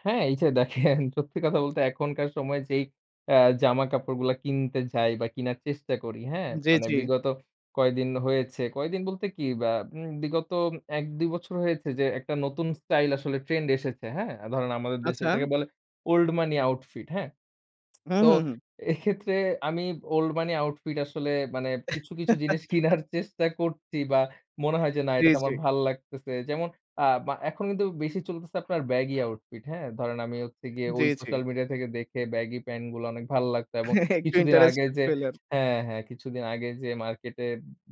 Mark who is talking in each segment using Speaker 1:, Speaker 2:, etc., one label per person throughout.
Speaker 1: হ্যাঁ, এই যে, দেখেন সত্যি কথা বলতে এখনকার সময় যেই অ্যা জামা-কাপড়গুলা কিনতে যাই বা কিনার চেষ্টা করি হ্যাঁ,
Speaker 2: জি,
Speaker 1: মানে
Speaker 2: জি।
Speaker 1: বিগত কয়েকদিন হয়েছে। কয়েকদিন বলতে কি ব্যা উম বিগত উম ১-২ বছর হয়েছে যে, একটা নতুন স্টাইল আসলে ট্রেন্ড এসেছে হ্যাঁ? আ ধরেন আমাদের দেশে
Speaker 2: আচ্ছা।
Speaker 1: এটাকে বলে 'ওল্ড মানি আউটফিট' হ্যাঁ।
Speaker 2: উহু,
Speaker 1: তো
Speaker 2: হু, হুম।
Speaker 1: এক্ষেত্রে আমি 'ওল্ড মনি আউটফিট' আসলে মানে কিছু, কিছু জিনিস কিনার চেষ্টা করছি বা মনে হয় যে, না
Speaker 2: জি,
Speaker 1: এইটা তো
Speaker 2: জি।
Speaker 1: আমার ভাল লাগতেছে। যেমন আ মা এখন কিন্তু বেশি চলতেছে আপনার ব্যাগি আউটফিট হ্যাঁ। ধরেন আমি হচ্ছে গিয়ে
Speaker 2: জি,
Speaker 1: ওই
Speaker 2: জি।
Speaker 1: সোশ্যাল মিডিয়া থেকে দেখে ব্যাগি প্যান্ট গুলা অনেক ভাল লাগতো এবং
Speaker 2: একটু
Speaker 1: কিছুদিন আগে
Speaker 2: ইন্টারেস্টেড
Speaker 1: যে
Speaker 2: পেলেন।
Speaker 1: হ্যাঁ, হ্যাঁ, কিছুদিন আগে যে, মার্কেটে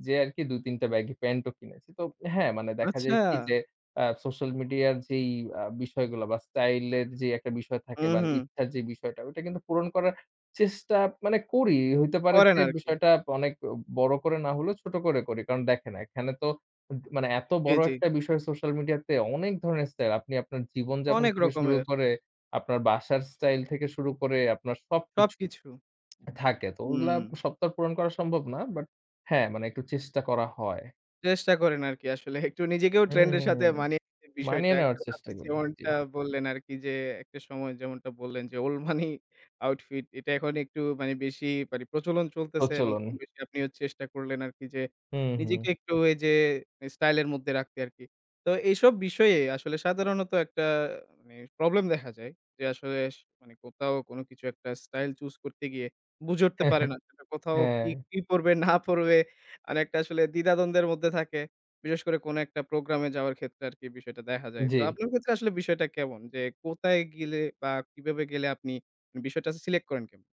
Speaker 1: যেয়ে আরকি ২-৩ টা ব্যাগি প্যান্ট ও কিনেছি। তো হ্যাঁ, মানে দেখা
Speaker 2: আচ্ছা?
Speaker 1: যায় কি যে, আ সোশ্যাল মিডিয়া র যেই বিষয়গুলো বা স্টাইল এর যে, একটা বিষয়
Speaker 2: হু,
Speaker 1: থাকে বা
Speaker 2: হুম।
Speaker 1: ইচ্ছার যে, বিষয়টা ওটা কিন্তু পূরণ করার চেষ্টা মানে করি। হইতে পারে
Speaker 2: করেন
Speaker 1: যে,
Speaker 2: আর কি।
Speaker 1: বিষয়টা অনেক বড় করে না হলেও ছোট করে করি। কারণ দেখে, না এখানে তো উম মানে এত
Speaker 2: জি,
Speaker 1: বড়
Speaker 2: জি।
Speaker 1: একটা বিষয় সোশ্যাল মিডিয়া তে অনেক ধরনের স্টাইল আপনি আপনার জীবন যাপন
Speaker 2: অনেক
Speaker 1: থেকে শুরু
Speaker 2: রকমের।
Speaker 1: করে আপনার বাসার স্টাইল থেকে শুরু করে আপনার সবকিছু
Speaker 2: সবকিছু।
Speaker 1: থাকে। তো ওগুলা
Speaker 2: উম
Speaker 1: সব তো আর পূরণ করা সম্ভব না। বাট হ্যাঁ, মানে একটু চেষ্টা করা হয়।
Speaker 2: চেষ্টা করেন আরকি আসলে একটু নিজেকেও
Speaker 1: হুম,
Speaker 2: ট্রেন্ড এর
Speaker 1: হুম,
Speaker 2: সাথে
Speaker 1: হুম।
Speaker 2: মানিয়ে নিতে বিষয়টা।
Speaker 1: মানিয়ে নেওয়ার
Speaker 2: একটু
Speaker 1: চেষ্টা
Speaker 2: আপনি
Speaker 1: করি, জি।
Speaker 2: যেমনটা বললেন, আরকি যে, একটা সময় যেমনটা বললেন, যে, 'ওল্ড মনি আউটফিট' এটা এখন একটু মানে বেশি মানে প্রচলন চলতেছে এবং
Speaker 1: প্রচলন।
Speaker 2: কম-বেশি আপনিও চেষ্টা করলেন আরকি যে,
Speaker 1: হুম,
Speaker 2: নিজেকে
Speaker 1: হুম।
Speaker 2: একটু ওই যে, স্টাইল এর মধ্যে রাখতে আরকি। তো এইসব বিষয়ে আসলে সাধারণত একটা অ্যা প্রবলেম দেখা যায়। যে, আসলে স কোথাও কোন কিছু একটা স্টাইল চুস করতে গিয়ে বুঝে উঠতে পারে না। সেটা কোথাও কি,
Speaker 1: হ্যাঁ।
Speaker 2: কি পড়বে না পড়বে, মানে একটা আসলে দ্বিধাদ্বন্দ্বের মধ্যে থাকে। বিশেষ করে কোন একটা প্রোগ্রাম এ যাওয়ার ক্ষেত্রে আরকি বিষয়টা দেখা যায়। তো
Speaker 1: জি।
Speaker 2: আপনার ক্ষেত্রে আসলে বিষয়টা কেমন? যে, কোথায় গেলে বা কিভাবে গেলে আপনি বিষয়টা সিলেক্ট করেন কেম